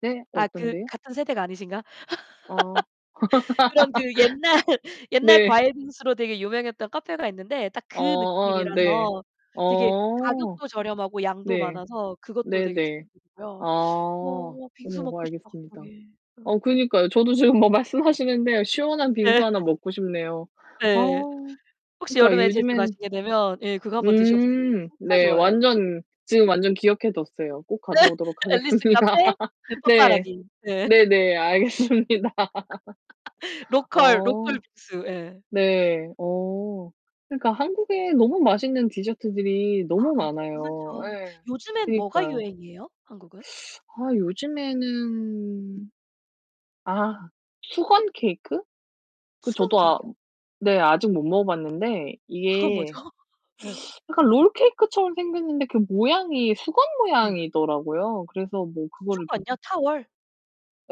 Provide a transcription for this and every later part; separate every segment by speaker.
Speaker 1: 네.
Speaker 2: 아 그
Speaker 1: 어떤데요?
Speaker 2: 같은 세대가 아니신가?
Speaker 1: 어.
Speaker 2: 그런 그 옛날 옛날
Speaker 1: 네.
Speaker 2: 과일 빙수로 되게 유명했던 카페가 있는데 딱
Speaker 1: 어
Speaker 2: 그
Speaker 1: 어 네.
Speaker 2: 느낌이라서 되게
Speaker 1: 어.
Speaker 2: 가격도 저렴하고 양도
Speaker 1: 네.
Speaker 2: 많아서 그것도
Speaker 1: 네
Speaker 2: 되게
Speaker 1: 네. 아.
Speaker 2: 추천드리고요. 어 어 빙수
Speaker 1: 어
Speaker 2: 먹고 싶다
Speaker 1: 알겠습니다.
Speaker 2: 갑자기. 어.
Speaker 1: 어 그니까요. 저도 지금 뭐 말씀하시는데 시원한 빙수
Speaker 2: 예.
Speaker 1: 하나 먹고 싶네요. 아
Speaker 2: 예. 혹시
Speaker 1: 그러니까
Speaker 2: 여름에 제주
Speaker 1: 요즘엔
Speaker 2: 가시게 되면 예 그거 한번 드셔 보세요.
Speaker 1: 음
Speaker 2: 진짜
Speaker 1: 네.
Speaker 2: 좋아요.
Speaker 1: 완전, 지금 완전 기억해 뒀어요. 꼭 가보도록
Speaker 2: 앨리스
Speaker 1: 하겠습니다.
Speaker 2: 카페? 그
Speaker 1: 네.
Speaker 2: 빠빠라기. 네.
Speaker 1: 네 네. 알겠습니다.
Speaker 2: 로컬 로컬
Speaker 1: 어.
Speaker 2: 빙수. 예.
Speaker 1: 네. 어. 그니까 한국에 너무 맛있는 디저트들이 너무
Speaker 2: 아 너무
Speaker 1: 많아요.
Speaker 2: 많죠.
Speaker 1: 예.
Speaker 2: 요즘엔 뭐가
Speaker 1: 그니까요.
Speaker 2: 유행이에요? 한국은?
Speaker 1: 아 요즘에는 아 수건 케이크? 그
Speaker 2: 수건
Speaker 1: 저도 아
Speaker 2: 케익이요?
Speaker 1: 네 아직 못 먹어봤는데
Speaker 2: 그건 뭐죠?
Speaker 1: 이게
Speaker 2: 예.
Speaker 1: 약간 롤케이크처럼 생겼는데 그 모양이 수건
Speaker 2: 예.
Speaker 1: 모양이더라고요. 그래서 뭐 그거를 이렇게
Speaker 2: 수건요? 타월?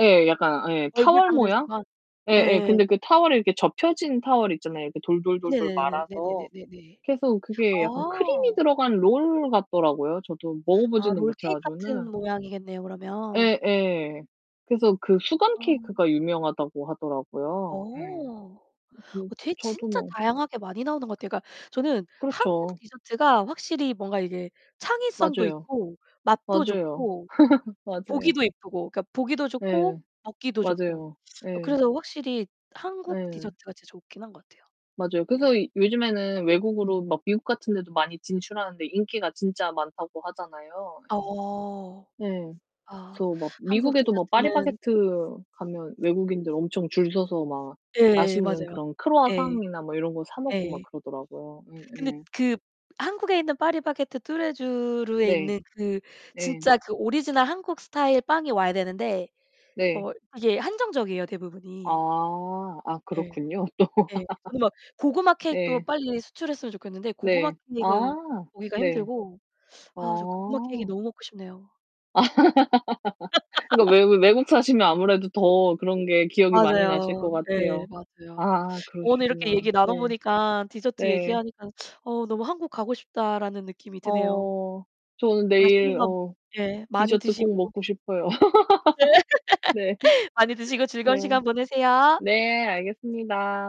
Speaker 1: 예. 약간 예
Speaker 2: 얼굴
Speaker 1: 타월
Speaker 2: 닦는
Speaker 1: 모양?
Speaker 2: 수건?
Speaker 1: 예
Speaker 2: 예
Speaker 1: 예. 근데
Speaker 2: 예예.
Speaker 1: 그 타월이 이렇게 접혀진 타월 있잖아요, 이렇게 돌돌돌돌
Speaker 2: 네네네네.
Speaker 1: 말아서.
Speaker 2: 네네네네네.
Speaker 1: 그래서 그게 약간 크림이
Speaker 2: 아.
Speaker 1: 들어간 롤 같더라고요. 저도
Speaker 2: 아
Speaker 1: 먹어보지는 못 해
Speaker 2: 롤케익
Speaker 1: 가지고는.
Speaker 2: 같은 모양이겠네요, 그러면.
Speaker 1: 예 예. 그래서 그 수건
Speaker 2: 아.
Speaker 1: 케이크가 유명하다고 하더라고요. 음.
Speaker 2: 어.
Speaker 1: 이 그
Speaker 2: 어 되게
Speaker 1: 저도
Speaker 2: 진짜
Speaker 1: 뭐
Speaker 2: 다양하게 많이 나오는 것 같아요. 그러니까 저는 한국
Speaker 1: 그렇죠.
Speaker 2: 디저트가 확실히 뭔가 이게 창의성도
Speaker 1: 맞아요.
Speaker 2: 있고, 맛도
Speaker 1: 맞아요.
Speaker 2: 좋고, 좀
Speaker 1: 맞아요.
Speaker 2: 보기도 이쁘고, 그니까 보기도 좋고,
Speaker 1: 네.
Speaker 2: 먹기도 좋고.
Speaker 1: 맞아요.
Speaker 2: 어
Speaker 1: 예.
Speaker 2: 그래서 확실히 한국
Speaker 1: 네.
Speaker 2: 디저트가 진짜 좋긴 한 것 같아요.
Speaker 1: 맞아요. 그래서
Speaker 2: 예.
Speaker 1: 요즘에는 외국으로 막 미국 같은 데도 많이 진출하는데 인기가 진짜 많다고 하잖아요.
Speaker 2: 어.
Speaker 1: 네.
Speaker 2: 아.
Speaker 1: 그래서 막
Speaker 2: 한국
Speaker 1: 미국에도 뭐
Speaker 2: 디저트는
Speaker 1: 파리바게뜨 가면 외국인들 엄청 줄 서서 막
Speaker 2: 예예.
Speaker 1: 맛있는
Speaker 2: 맞아요.
Speaker 1: 그런
Speaker 2: 예.
Speaker 1: 크루아상이나 뭐 이런 거 사 먹고 막
Speaker 2: 예.
Speaker 1: 그러더라고요. 예
Speaker 2: 근데
Speaker 1: 예.
Speaker 2: 그 한국에 있는 파리바게뜨, 뚜레쥬르에
Speaker 1: 네.
Speaker 2: 있는 그
Speaker 1: 네.
Speaker 2: 진짜 그 오리지널 한국 스타일 빵이 와야 되는데
Speaker 1: 네.
Speaker 2: 뭐 이게 한정적이에요, 대부분이.
Speaker 1: 아. 아
Speaker 2: 예.
Speaker 1: 그렇군요. 또.
Speaker 2: 예. 저는 막 고구마 케익도
Speaker 1: 네.
Speaker 2: 빨리 수출했으면 좋겠는데 고구마
Speaker 1: 네. 아.
Speaker 2: 케익은 보기가
Speaker 1: 네.
Speaker 2: 힘들고. 아 저 고구마 케익이
Speaker 1: 어.
Speaker 2: 너무 먹고 싶네요.
Speaker 1: 그니까 외 외국 사시면 아무래도 더 그런 게 기억이 많이 나실
Speaker 2: 맞아요.
Speaker 1: 것
Speaker 2: 네.
Speaker 1: 같아요.
Speaker 2: 맞아요. 어
Speaker 1: 아
Speaker 2: 오늘 이렇게
Speaker 1: 그러시구나.
Speaker 2: 얘기 나눠
Speaker 1: 네.
Speaker 2: 보니까 디저트
Speaker 1: 네.
Speaker 2: 얘기하니까 '어 너무 한국 가고 싶다.'라는 느낌이 드네요.
Speaker 1: 어 저는
Speaker 2: 맛있는
Speaker 1: 내일
Speaker 2: 거
Speaker 1: 어
Speaker 2: 예 많이
Speaker 1: 디저트 꼭
Speaker 2: 드시고.
Speaker 1: 먹고 싶어요.
Speaker 2: 예.
Speaker 1: 네.
Speaker 2: 많이 드시고 즐거운
Speaker 1: 네.
Speaker 2: 시간 보내세요.
Speaker 1: 네 알겠습니다.